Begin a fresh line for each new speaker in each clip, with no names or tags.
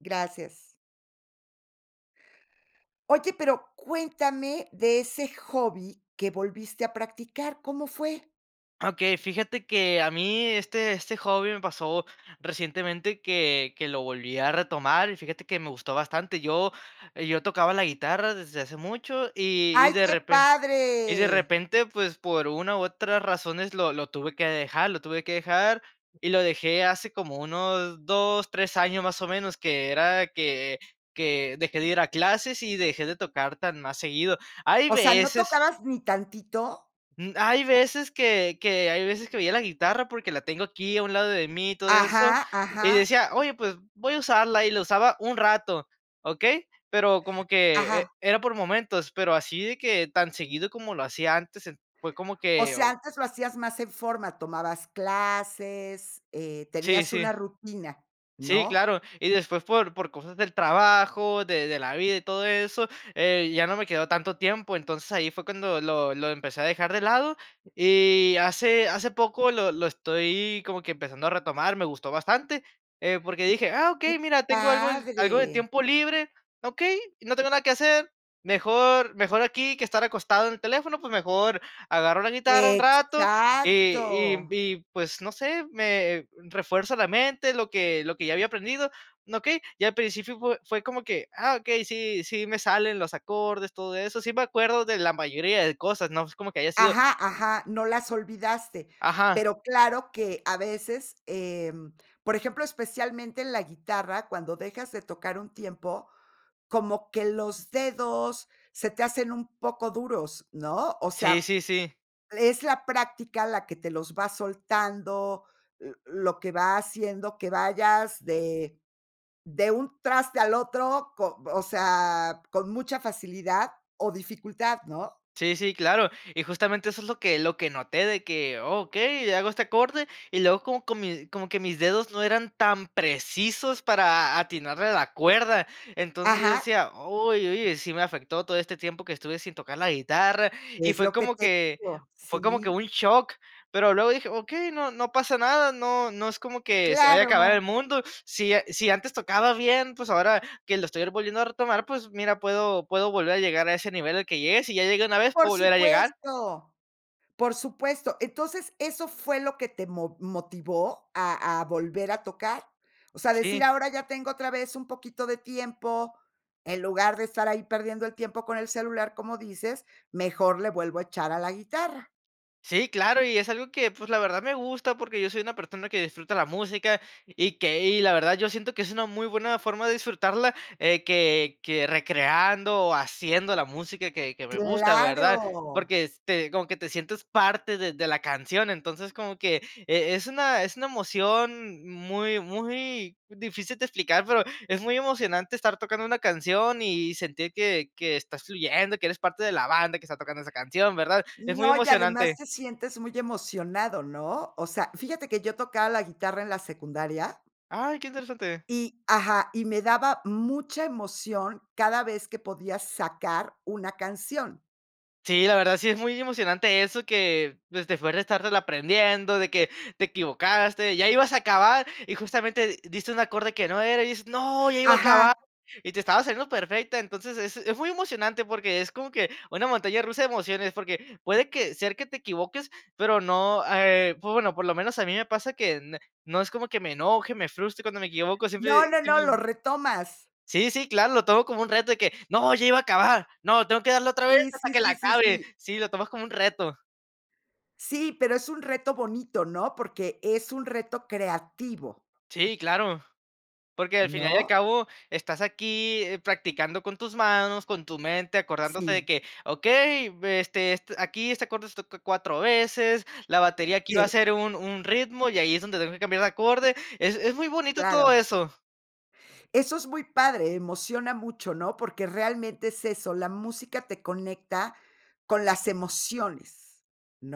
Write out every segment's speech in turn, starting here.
Gracias. Oye, pero cuéntame de ese hobby que volviste a practicar, ¿cómo fue?
Okey, fíjate que, eh, a mí este este hobby me pasó recientemente, que que lo volví a retomar. Y fíjate que me gustó bastante. Yo yo tocaba la guitarra desde hace mucho, y y
¡Ay,
de
qué
repe y de
padre!
repente, pues, por una, u, otras razones lo lo tuve que dejar, lo tuve que dejar, y lo dejé hace como unos 2, 3 años, más o menos, que era que que dejé de ir a clases, y dejé de tocar tan más seguido. Hay
O sea ¿no
veces
tocabas ni tantito?
Mm, hay veces, que que hay veces que veía la guitarra porque la tengo aquí a un lado de mí, y todo eso,
Ajá,
y
ajá.
decía: "Oye, pues voy a usarla" y la usaba un rato, ¿okey? Pero como que
Ajá.
era por momentos, pero así de que tan seguido como lo hacía antes, ent fue como
O
que,
sea,
o
antes lo hacías más en forma, tomabas clases, eh,
Sí,
tenías
sí.
una rutina
Sí,
¿no?
claro. Y después, por por cosas del trabajo, de de la vida y todo eso, eh, ya no me quedó tanto tiempo. Entonces, ahí fue cuando lo lo empecé a dejar de lado. Y hace hace poco lo lo estoy como que empezando a retomar, me gustó bastante, eh, porque dije: "Ah,
¡Que
okey, mira, tengo algo algo de
padre!
tiempo libre, okey, no tengo nada que hacer, mejor mejor aquí que estar acostado en el teléfono, pues mejor agarro la guitarra un rato". Y
Exacto.
y y pues no sé, me refuerzo la mente, lo que lo que ya había aprendido, okey. Y al principio fue fue como que: "Ah okey, sí sí me salen los acordes, todo eso". Sí me acuerdo de la mayoría de cosas, no, pues, como que haya sido
Ajá, ajá, no las olvidaste.
Ajá.
Pero claro que a veces, em, por ejemplo, especialmente en la guitarra, cuando dejas de tocar un tiempo, como que los dedos se te hacen un poco duros, ¿no? O
Sí,
sea,
sí, sí.
es la práctica la que te los va soltando, l lo que va haciendo que vayas de de un traste al otro co o sea, con mucha facilidad o dificultad, ¿no?
Sí, sí, claro. Y justamente eso es lo que lo que noté, de que, okey, le hago este acorde, y luego co comi como que mis dedos no eran tan precisos para atinarle a la cuerda. Entonces, yo
Ajá.
decía: "Uy, oye sí me afectó todo este tiempo que estuve sin tocar la guitarra", y
Es
fue
lo que
como
te
que
digo.
fue como que
Sí.
un shock, pero luego dije: "Okey, no no pasa nada, no no es como que se vaya a acabar el
Claro.
mundo". Sí, sí, antes tocaba bien, pues ahora que lo estoy volviendo a retomar, pues mira, puedo puedo volver a llegar a ese nivel al que llegué, si ya llegué una vez,
Por
puedo volver a llegar.
supuesto. Por supuesto. Entonces, ¿eso fue lo que te mo motivó a a volver a tocar? O sea, a decir,
Sí.
ahora ya tengo otra vez un poquito de tiempo, en lugar de estar ahí perdiendo el tiempo con el celular, como dices, mejor le vuelvo a echar a la guitarra.
Sí, claro, y es algo que, pues, la verdad me gusta, porque yo soy una persona que disfruta la música, y que, y la verdad, yo siento que es una muy buena forma de disfrutarla. Eh, que que recreando, haciendo la música que que me gusta, ¿verdad?
Claro.
Porque es te como que te sientes parte de de la canción. Entonces, como que e es una, es una emoción muy muy difícil de explicar, pero es muy emocionante estar tocando una canción y sentir que que estás fluyendo, que eres parte de la banda que está tocando esa canción, ¿verdad? Es muy
No, y además
emocionante.
te sientes muy emocionado ¿no? O sea, fíjate que yo tocaba la guitarra en la secundaria.
Ay, qué interesante.
Y ajá, y me daba mucha emoción cada vez que podía sacar una canción.
Sí, la verdad sí es muy emocionante eso que, pues, te fue de estártelo aprendiendo, de que te equivocaste, ya ibas a acabar, y justamente di diste un acorde que no era, y dices: "No, ya iba a acabar".
Ajá.
Y te estaba saliendo perfecta, entonces, es es muy emocionante, porque es como que una montaña rusa de emociones. Porque puede que ser que te equivoques, pero no, eh, pues, bueno, por lo menos a mí me pasa que n no es como que me enoje, me frustre cuando me equivoco, siempre
No,
sí
no, no, lo
sí.
retomas.
Sí, sí, claro, lo tomo como un reto de que: "No, ya iba a acabar. No, tengo que darle otra vez
Sí,
hasta
sí,
que la
sí, sí,
acabe".
sí.
Sí, lo tomas como un reto.
Sí, pero es un reto bonito, ¿no? Porque es un reto creativo.
Sí, claro. Porque al final y al
¿No?
cabo estás aquí, eh, practicando con tus manos, con tu mente, acordándote de
Sí.
que: "Okey, este, est aquí este acorde se toca 4 veces, la batería aquí va a
Sí.
ser un un ritmo, y ahí es donde tengo que cambiar de acorde". Es es muy bonito todo
Claro.
eso.
Eso es muy padre, emociona mucho, ¿no? Porque realmente es eso, la música te conecta con las emociones,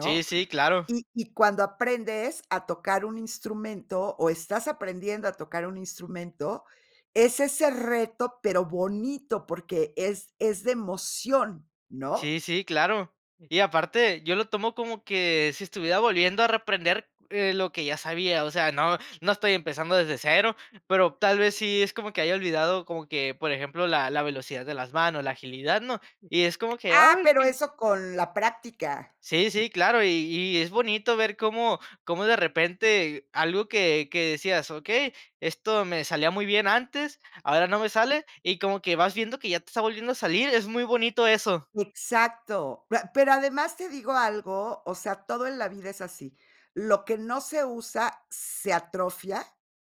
Sí, sí, claro.
Y y cuando aprendes a tocar un instrumento, o, estás aprendiendo a tocar un instrumento, es ese reto, pero bonito, porque es es de emoción, ¿no?
Sí, sí, claro. Y aparte, yo lo tomo como que si estuviera volviendo a reaprender, eh, lo que ya sabía. O sea, no no estoy empezando desde 0, pero tal vez sí es como que haya olvidado como que, por ejemplo, la la velocidad de las manos, la agilidad, ¿no? Y es como que
Ah,
ay,
pero
qué
eso con la práctica.
Sí, sí, claro, y y es bonito ver cómo cómo de repente algo que que decías: "Okey, esto me salía muy bien antes, ahora no me sale". Y como que vas viendo que ya te está volviendo a salir, es muy bonito eso.
Exacto. Pra ¿pero además te digo algo?, o sea, todo en la vida es así. Lo que no se usa se atrofia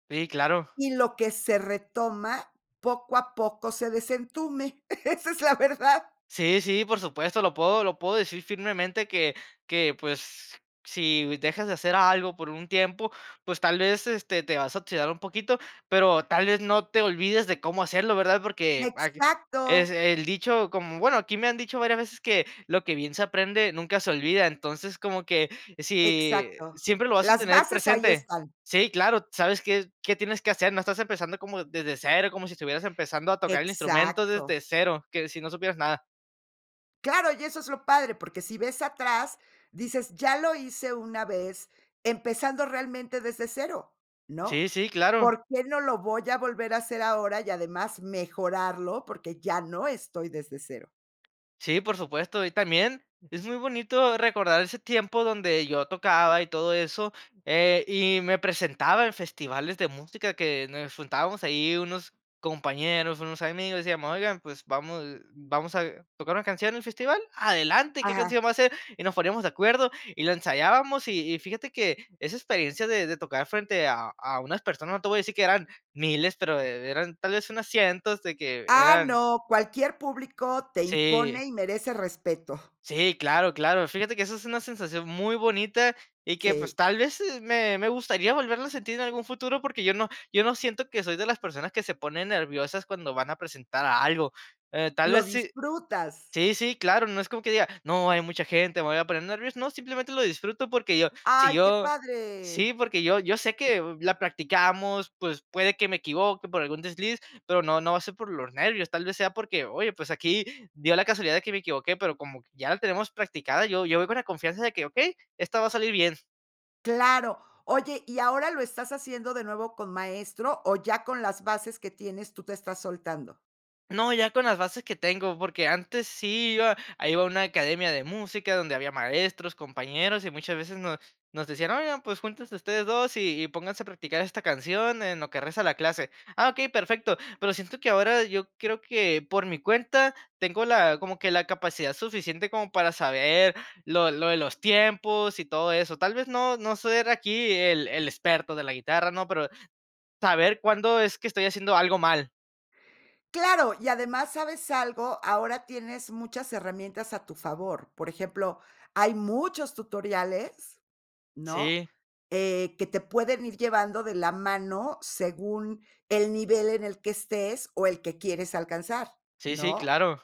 Sí, claro.
y lo que se retoma poco a poco se desentume. Esa es la verdad.
Sí, sí, por supuesto, lo puedo lo puedo decir firmemente, que que, pues, si dejas de hacer algo por un tiempo, pues tal vez, este, te vas a oxidar un poquito, pero tal vez no te olvides de cómo hacerlo, ¿verdad? Porque ag es
Exacto.
el dicho, como, bueno, aquí me han dicho varias veces que lo que bien se aprende nunca se olvida. Entonces, como que si,
Exacto.
siempre lo vas a
Las
tener
bases ahí
presente.
están.
Sí, claro. Sabes qué qué tienes que hacer, no estás empezando como desde 0, como si estuvieras empezando a tocar el instrumento
Exacto.
desde 0, que si no supieras nada.
Claro, y eso es lo padre, porque si ves atrás, dices: "Ya lo hice una vez, empezando realmente desde 0, ¿no?
Sí, sí, claro.
¿Por qué no lo voy a volver a hacer ahora y además mejorarlo?, porque ya no estoy desde 0".
Sí, por supuesto, y también es muy bonito recordar ese tiempo donde yo tocaba y todo eso, eh, y me presentaba en festivales de música que nos juntábamos ahí unos compañeros, unos amigos y decíamos: "Oigan, pues, vamos vamos a tocar una canción en el festival. Adelante ¿qué
Ajá.
canción va a ser?". Y nos poníamos de acuerdo, y la ensayábamos y y fíjate que esa experiencia de de tocar frente a a unas personas, no te voy a decir que eran miles, pero, eh, eran tal vez unas cientos, de que,
Ah,
eran
no, cualquier público te
Sí.
impone, y merece respeto.
Sí, claro, claro. Fíjate que eso es una sensación muy bonita, y que, pues,
Sí.
tal vez, e me me gustaría volverlo a sentir en algún futuro. Porque yo no yo no siento que soy de las personas que se ponen nerviosas cuando van a presentar algo, eh, tal
Lo
vez si
disfrutas.
Sí sí, claro, no es como que diga: "No, hay mucha gente, me voy a poner nervioso", no, simplemente lo disfruto porque yo si
¡Ay, qué
yo
padre!
Sí, porque yo yo sé que la practicamos, pues, puede que me equivoque por algún desliz, pero no no va a ser por los nervios, tal vez sea porque, oye, pues, aquí dio la casualidad de que me equivoqué. Pero como ya la tenemos practicada, yo yo voy con la confianza de que, okey, esta va a salir bien.
Claro, oye, ¿y ahora lo estás haciendo de nuevo con maestro, o ya con las bases que tienes tú, te estás soltando?
No, ya con las bases que tengo, porque, antes sí iba ahí iba a una academia de música, donde había maestros, compañeros, y muchas veces nos nos decían, oigan, pues, juntense ustedes 2, y y, pónganse a practicar esta canción en lo que resta de la clase. Ah, okey, perfecto. Pero, siento que ahora, yo creo que por mi cuenta tengo la como que la capacidad suficiente, como para saber lo lo de los tiempos, y todo eso. Tal vez, no no soy aquí el el experto de la guitarra, ¿no? Pero, saber cuándo es que estoy haciendo algo mal.
Claro, y además, ¿sabes algo? Ahora tienes muchas herramientas a tu favor. Por ejemplo, hay muchos tutoriales, ¿no?
Sí.
Eh, que te pueden ir llevando de la mano, según el nivel en el que estés, o el que quieres alcanzar,
Sí, sí,
¿no?
claro.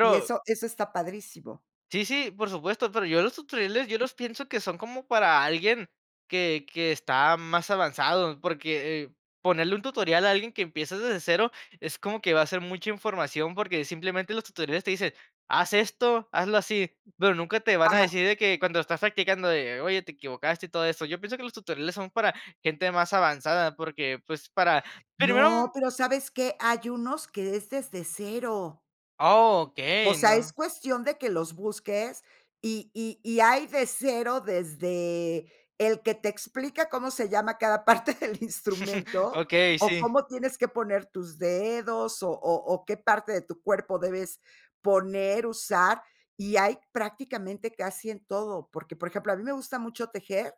Y eso eso está padrísimo.
Sí sí, por supuesto, pero, yo los tutoriales yo los pienso que son como para alguien que que está más avanzado, porque, ponerle un tutorial a alguien que empieza desde 0, es como que va a ser mucha información, porque, simplemente los tutoriales te dicen: "Haz esto, hazlo así", pero, nunca te van a
Ajá.
decir de que, cuando estás practicando de: "Oye, te equivocaste" y todo eso. Yo pienso, que los tutoriales son para gente más avanzada, porque, pues, para primero
No, pero, ¿sabes qué? Hay unos, que es desde 0.
Ah,
O
okey.
sea, es
No.
cuestión de que los busques, y y y hay de 0, desde el que te explica cómo se llama cada parte del instrumento,
Okey,
o
sí.
cómo tienes que poner tus dedos, o o o qué parte de tu cuerpo debes poner, usar, y hay prácticamente casi en todo. Porque, por ejemplo, a mí me gusta mucho tejer,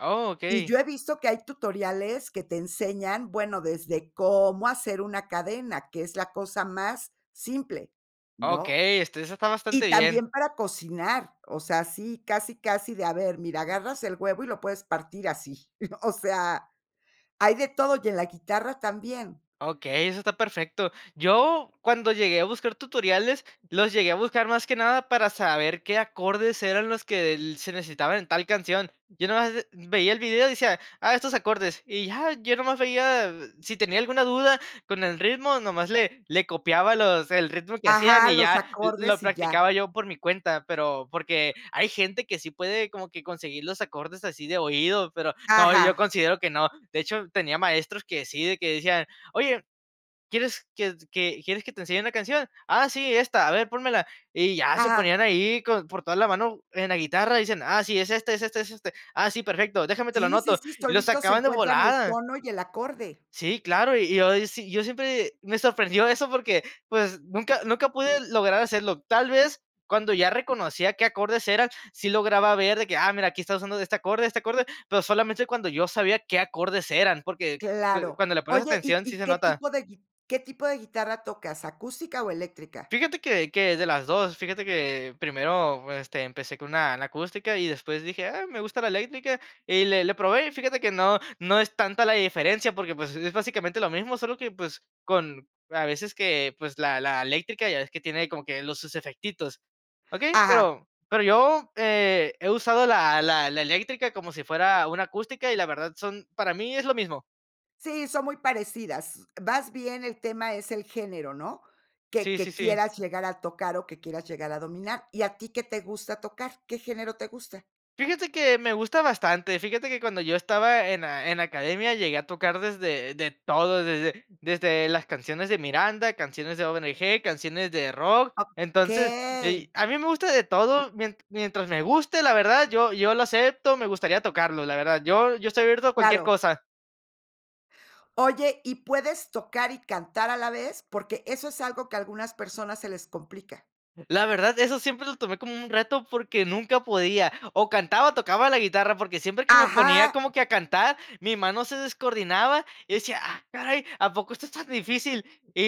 Oh,
y
okey.
yo he visto que hay tutoriales que te enseñan, bueno, desde cómo hacer una cadena, que es la cosa más simple, ¿no?
Okey, este, esa está bastante
Y
bien.
también para cocinar, o sea, así, casi, casi de, a ver, mira, agarras el huevo, y lo puedes partir así. O sea, hay de todo, y en la guitarra también.
Okey, eso está perfecto. Yo, cuando llegué a buscar tutoriales, los llegué a buscar más que nada, para saber qué acordes eran los que el se necesitaban en tal canción. Yo nomás, eh, veía el video y decía, ah, estos acordes. Y ya, yo nomás veía si tenía alguna duda con el ritmo, nomás le le copiaba, los el ritmo que hacían,
Ajá,
y
los
ya lo lo
acordes y ya.
practicaba yo por mi cuenta, pero porque, hay gente que sí puede como que conseguir los acordes así de oído, pero no, yo
Ajá.
considero que no. De hecho, tenía maestros que sí, de que decían: "Oye, ¿quieres que que quieres que te enseñe una canción?". "Ah, sí, esta, a ver, pónmela". Y ya se
Ajá.
ponían ahí, con por toda la mano en la guitarra, dicen: "Ah, sí, es este es este, es este. Ah, sí, perfecto. Déjame te lo
Sí, sí,
anoto".
sí,
Y lo
solitos
sacaban de
encuentran el
volada.
tono y el acorde.
Sí, claro, y yo, sí yo siempre, me sorprendió eso porque, pues, nunca nunca pude lograr hacerlo. Tal vez, cuando ya reconocía qué acordes eran, sí lograba ver de que, ah, mira, aquí está usando de este acorde este acorde, pero, solamente cuando yo sabía qué acordes eran, porque, pues,
Claro.
cuando le pones
Oye, ¿y
atención, sí
y
se
qué
nota.
tipo de qué tipo gui que tipo de guitarra tocas? ¿Acústica o eléctrica?
Fíjate que que de las 2, fíjate que primero, este, empecé con una, la acústica y después dije: "Ah, me gusta la eléctrica", y le le probé, fíjate que no no es tanta la diferencia, porque, pues, es básicamente lo mismo, solo que, pues, con a veces que, pues, la la eléctrica ya ves que tiene como que los sus efectitos, okey.
Ajá.
Pero pero, yo eh, he usado la la la eléctrica, como si fuera una acústica, y la verdad son para mí es lo mismo.
Sí, son muy parecidas. Vas bien, el tema es el género ¿no? Que
Sí, sí,
que
sí.
quieras llegar a tocar o que quieras llegar a dominar. ¿Y a ti qué te gusta tocar, qué género te gusta?
Fíjate que me gusta bastante, fíjate que cuando yo estaba en la en la academia llegué a tocar desde de todo, desde desde las canciones de Miranda, canciones de ONG, canciones de rock. Entonces y,
Okey.
a mí me gusta de todo, mien mientras me guste, la verdad, yo yo lo acepto, me gustaría tocarlo, la verdad. Yo yo estoy abierto a cualquier
Claro.
cosa.
Oye, ¿y puedes tocar y cantar a la vez? Porque eso es algo que a algunas personas se les complica.
La verdad, eso siempre lo tomé como un reto porque nunca podía, o cantaba o tocaba la guitarra, porque siempre que me ponía
Ajá.
como que a cantar, mi mano se descoordinaba, yo decía: "Ah, caray, ¿a poco esto es tan difícil?". Y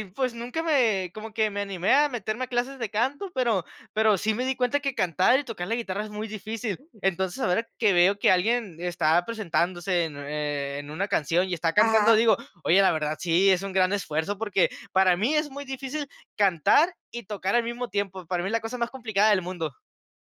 y, pues, nunca me, como que me animé a meterme a clases de canto, pero pero sí me di cuenta que cantar y tocar la guitarra es muy difícil. Entonces, ahora que veo que alguien está presentándose en, eh, en una canción y está cantando,
Ajá.
digo: "Oye, la verdad, sí, es un gran esfuerzo", porque para mí es muy difícil cantar y tocar al mismo tiempo. Para mí es la cosa más complicada del mundo.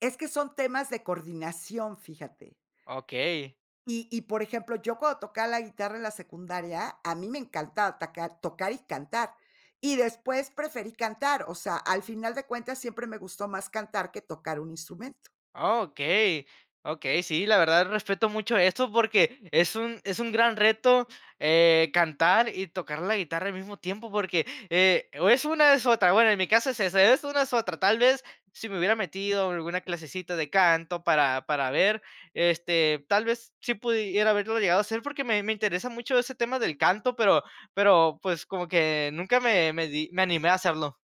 Es que son temas de coordinación, fíjate.
Okey.
Y y, por ejemplo, yo cuando tocaba la guitarra en la secundaria, a mí me encantaba tocar, tocar y cantar. Y después preferí cantar. O sea, al final de cuentas, siempre me gustó más cantar que tocar un instrumento.
Okey, okey. Sí la verdad respeto mucho eso porque es un es un gran reto, eh, cantar y tocar la guitarra al mismo tiempo porque, eh, o es una o es otra, bueno, en mi caso es esa, es una o es otra, tal vez si me hubiera metido alguna clasecita de canto para para ver, este, tal vez sí pudiera haberlo llegado a hacer, porque me me interesa mucho ese tema del canto, pero pero, pues, como que nunca me me di, me animé a hacerlo.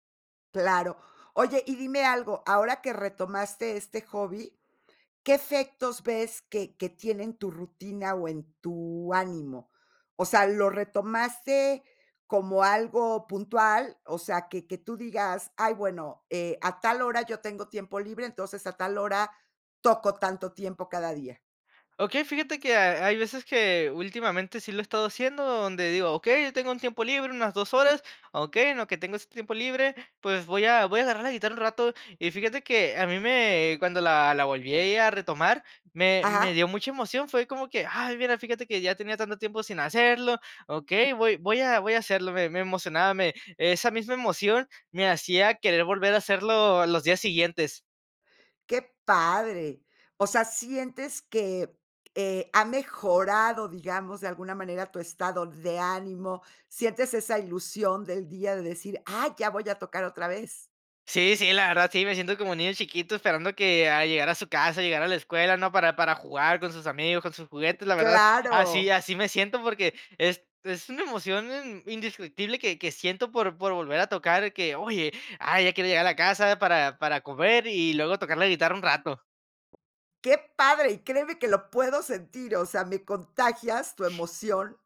Claro. Oye, y dime algo, ahora que retomaste este hobby, ¿qué efectos ves que que tiene en tu rutina o en tu ánimo? O sea, ¿lo retomaste como algo puntual? O sea, que que tú digas: "Ay, bueno, eh, a tal hora yo tengo tiempo libre, entonces a tal hora toco tanto tiempo cada día".
Okey, fíjate que hay veces que últimamente sí lo he estado haciendo donde digo: "Okey, yo tengo un tiempo libre, unas 2 horas, okey, en lo que tengo este tiempo libre, pues voy a voy a agarrar la guitarra un rato", y fíjate que a mí me, cuando la la volví ahí a retomar, me me
Ajá.
dio mucha emoción, fue como que: "Ay mira, fíjate que ya tenía tanto tiempo sin hacerlo". ¿Okey? Voy voy a, voy a hacerlo, me me emocionaba, me esa misma emoción me hacía querer volver a hacerlo los días siguientes.
Qué padre. O sea, sientes que, eh, ha mejorado, digamos, de alguna manera tu estado de ánimo, sientes esa ilusión del día de decir: "Ah, ya voy a tocar otra vez".
Sí, sí, la verdad, sí, me siento como un niño chiquito esperando que, a llegar a su casa, llegar a la escuela ¿no? Para para jugar con sus amigos, con sus juguetes, la verdad, así
Claro.
así me siento, porque es es una emoción in indiscutible que que siento por por volver a tocar, que oye, ah, ya quiere llegar a casa para para comer y luego tocar la guitarra un rato.
Qué padre, y créeme que lo puedo sentir, o sea, me contagias tu emoción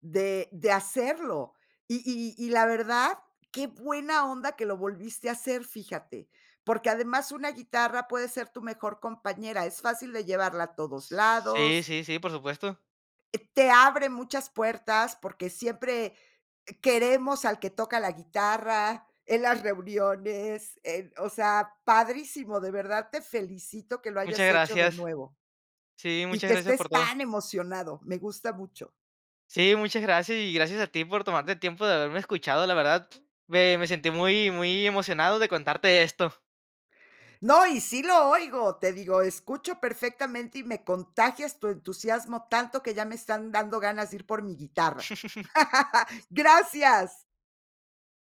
de de hacerlo. Y y y la verdad, qué buena onda que lo volviste a hacer, fíjate. Porque además una guitarra puede ser tu mejor compañera, es fácil de llevarla a todos
Sí,
lados.
sí, sí, por supuesto.
Eh, te abre muchas puertas, porque siempre queremos al que toca la guitarra, en las reuniones, en, o sea, padrísimo, de verdad te felicito que lo
Muchas
hayas hecho de
gracias.
nuevo.
Sí,
Y
muchas
que
gracias
estés
por todo.
tan emocionado, me gusta mucho.
Sí, muchas gracias, y gracias a ti por tomarte el tiempo de haberme escuchado, la verdad, me me sentí muy muy emocionado de contarte esto.
No, y sí lo oigo. Te digo, escucho perfectamente, y me contagias tu entusiasmo tanto que ya me están dando ganas de ir por mi guitarra. Gracias.